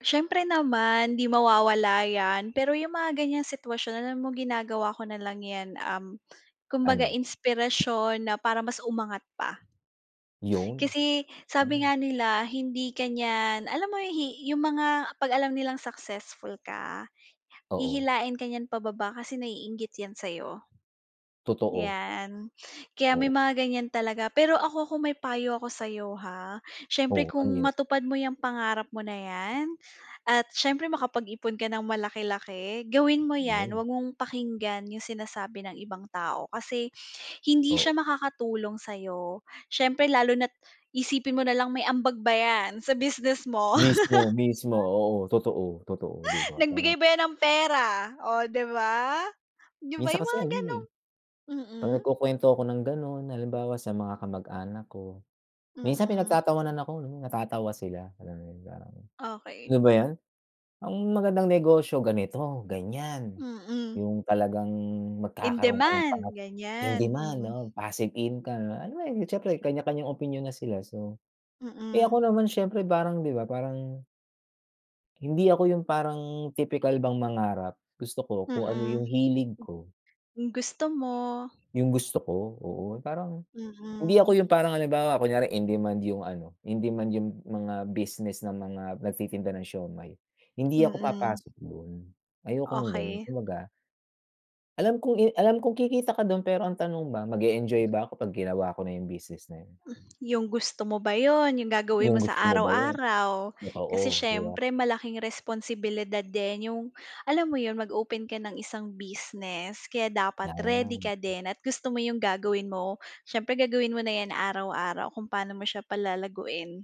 Siyempre naman, 'di mawawala 'yan pero 'yung mga ganiyang sitwasyon alam mo, ginagawa ko nalang 'yan, um, kumbaga Ano? inspirasyon na para mas umangat pa. 'Yon, Kasi hmm. sabi nga nila, hindi ka niyan, alam mo hi 'yung mga 'pag alam nilang successful ka, Oo. hihilain ka niyan pababa kasi naiinggit 'yan sa'yo. Totoo. 'Yan, kaya may Oo. mga ganiyan talaga, pero ako kung may payo ako sa'yo, ha, siyempre Oh, kung ano 'yun? matupad mo 'yang pangarap mo na 'yan at siyempre makapag-ipon ka ng malaki-laki gawin mo 'yan, 'Yun. huwag mong pakinggan 'yung sinasabi ng ibang tao. Kasi hindi Oh. siya makakatulong sa'yo, siyempre lalo na't isipin mo na lang may ambag ba 'yan sa business mo. Mismo, mismo. Oo, totoo, totoo. 'Di ba, Nagbigay parang ba 'yan ng pera, oh, di ba? 'Di ba, Minsan 'yung kasi mga ano, eh. gano'ng 'Pag mm. nagkukuwento ako ng gano'n, halimbawa sa mga kamag-anak ko, minsan Mm. pinagtatawanan ako, no, natatawa sila, gano'n, yung parang Okey. "Yun ba 'yun? Ang magandang negosyo ganito, ganiyan, Mm. 'yung talagang In magkakaroon ka ng pangat demand in ganiyan, demand, mm. oh, passive income." Alam mo 'yun, at siyempre may kanya-kanyang opinyon na sila. So, eh Mm. ako naman, siyempre parang di ba, parang hindi ako 'yung parang tipikal bang mangarap, gusto ko kung ano 'yung Mm. hilig ko. 'Yung gusto mo. 'Yung gusto ko, oo. Parang hindi ako Mm. 'yung parang halimbawa kunyari in demand 'yung ano, in demand 'yung mga business ng mga nagtitinda ng siomai, hindi ako Mm. papasok do'n ayoko ng gano'n, Okey. kumbaga Alam kong i alam kong kikita ka do'n pero ang tanong ba mag-e-enjoy ba ako, kapag ginawa ko na 'yung business na 'yun? 'Yung gusto mo ba 'yun, 'yung gagawin 'Yung mo sa gusto mo ba 'yun? araw-araw, kasi Oo, 'di ba? siyempre malaking responsibilidad din, 'yung alam mo 'yun, mag-open ka ng isang business kaya dapat ready 'Yan. ka din at gusto mo 'yung gagawin mo, siyempre gagawin mo na 'yan araw-araw, kung paano mo siya palalaguin.